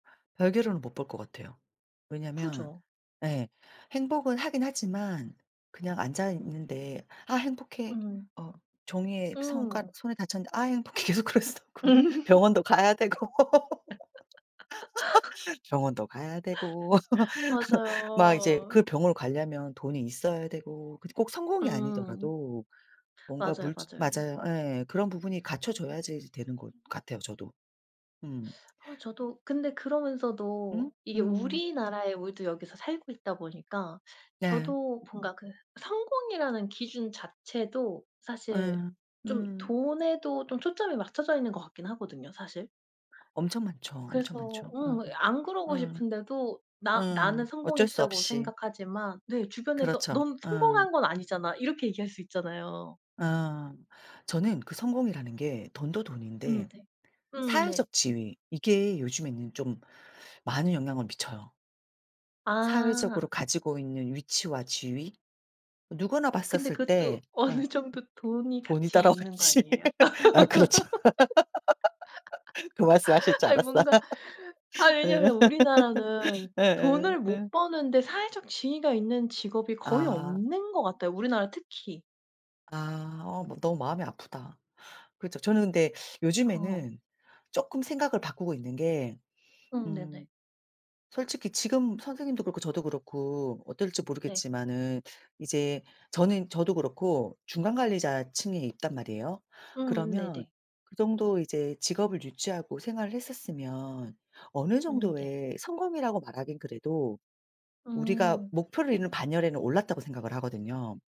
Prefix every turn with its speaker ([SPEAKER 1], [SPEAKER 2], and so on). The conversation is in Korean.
[SPEAKER 1] 별개로는 못 볼 것 같아요. 왜냐하면
[SPEAKER 2] 그죠.
[SPEAKER 1] 예 행복은 하긴 하지만 그냥 앉아있는데 "아 행복해."
[SPEAKER 2] 음.
[SPEAKER 1] 어 종이에 손가
[SPEAKER 2] 음.
[SPEAKER 1] 손을 다쳤는데 "아 행복해." 계속 그럴 수도 없고 병원도 가야 되고 병원도 가야 되고 막 이제 그
[SPEAKER 2] 맞아요.
[SPEAKER 1] 병원을 가려면 돈이 있어야 되고 근데 꼭 성공이
[SPEAKER 2] 음.
[SPEAKER 1] 아니더라도 뭔가
[SPEAKER 2] 맞아요,
[SPEAKER 1] 물질
[SPEAKER 2] 맞아요.
[SPEAKER 1] 맞아요. 예. 그런 부분이 갖춰져야지 되는 것 같아요, 저도. 음.
[SPEAKER 2] 아 저도 근데
[SPEAKER 1] 음
[SPEAKER 2] 그러면서도 이게
[SPEAKER 1] 음.
[SPEAKER 2] 우리나라에 우리도 여기서 살고 있다 보니까
[SPEAKER 1] 네.
[SPEAKER 2] 저도 뭔가 그 성공이라는 기준 자체도 사실
[SPEAKER 1] 예.
[SPEAKER 2] 좀
[SPEAKER 1] 음.
[SPEAKER 2] 돈에도 좀 초점이 맞춰져 있는 것 같긴 하거든요 사실.
[SPEAKER 1] 엄청 많죠, 엄청
[SPEAKER 2] 그래서
[SPEAKER 1] 많죠. 예예.
[SPEAKER 2] 음 어 안 그러고
[SPEAKER 1] 예.
[SPEAKER 2] 싶은데도 나
[SPEAKER 1] 예.
[SPEAKER 2] 나는
[SPEAKER 1] 어쩔 수
[SPEAKER 2] 성공했다고
[SPEAKER 1] 없이.
[SPEAKER 2] 생각하지만 네 주변에서
[SPEAKER 1] 그렇죠.
[SPEAKER 2] "넌
[SPEAKER 1] 어.
[SPEAKER 2] 성공한 건 아니잖아." 이렇게 얘기할 수 있잖아요.
[SPEAKER 1] 어. 저는 그 성공이라는 게 돈도
[SPEAKER 2] 음
[SPEAKER 1] 돈인데
[SPEAKER 2] 네. 음 네.
[SPEAKER 1] 사회적 지위 이게 요즘에는 좀 많은 영향을 미쳐요. 사회적으로
[SPEAKER 2] 아.
[SPEAKER 1] 가지고 있는 위치와 지위. 누구나
[SPEAKER 2] 근데
[SPEAKER 1] 봤었을 때
[SPEAKER 2] 그것도
[SPEAKER 1] 예
[SPEAKER 2] 어느 정도 돈이
[SPEAKER 1] 돈이
[SPEAKER 2] 같이 있는 거
[SPEAKER 1] 따라와야지.
[SPEAKER 2] 아니에요?
[SPEAKER 1] 아 그렇죠. 그 말씀 하실 줄
[SPEAKER 2] 아니
[SPEAKER 1] 알았어.
[SPEAKER 2] 뭔가 아
[SPEAKER 1] 예.
[SPEAKER 2] 왜냐면 우리나라는
[SPEAKER 1] 예예
[SPEAKER 2] 돈을
[SPEAKER 1] 예.
[SPEAKER 2] 못 버는데 사회적 지위가 있는 직업이 거의
[SPEAKER 1] 아.
[SPEAKER 2] 없는 것 같아요, 우리나라 특히.
[SPEAKER 1] 아 어 머 너무 마음이 아프다. 그렇죠. 저는 근데
[SPEAKER 2] 어.
[SPEAKER 1] 요즘에는 쪼끔 생각을 바꾸고 있는 게
[SPEAKER 2] 음
[SPEAKER 1] 음
[SPEAKER 2] 네네.
[SPEAKER 1] 솔직히 지금 선생님도 그렇고 저도 그렇고 어떨지
[SPEAKER 2] 네.
[SPEAKER 1] 모르겠지만은 이제 저는 저도 그렇고 중간 관리자 층에 있단 말이에요.
[SPEAKER 2] 음
[SPEAKER 1] 그러면
[SPEAKER 2] 네네.
[SPEAKER 1] 그 정도 이제 직업을 유지하고 생활을 했었으면 어느
[SPEAKER 2] 음 네.
[SPEAKER 1] 정도의 성공이라고 말하긴 그래도 우리가
[SPEAKER 2] 음.
[SPEAKER 1] 목표로 있는 반열에는 올랐다고 생각을 하거든요.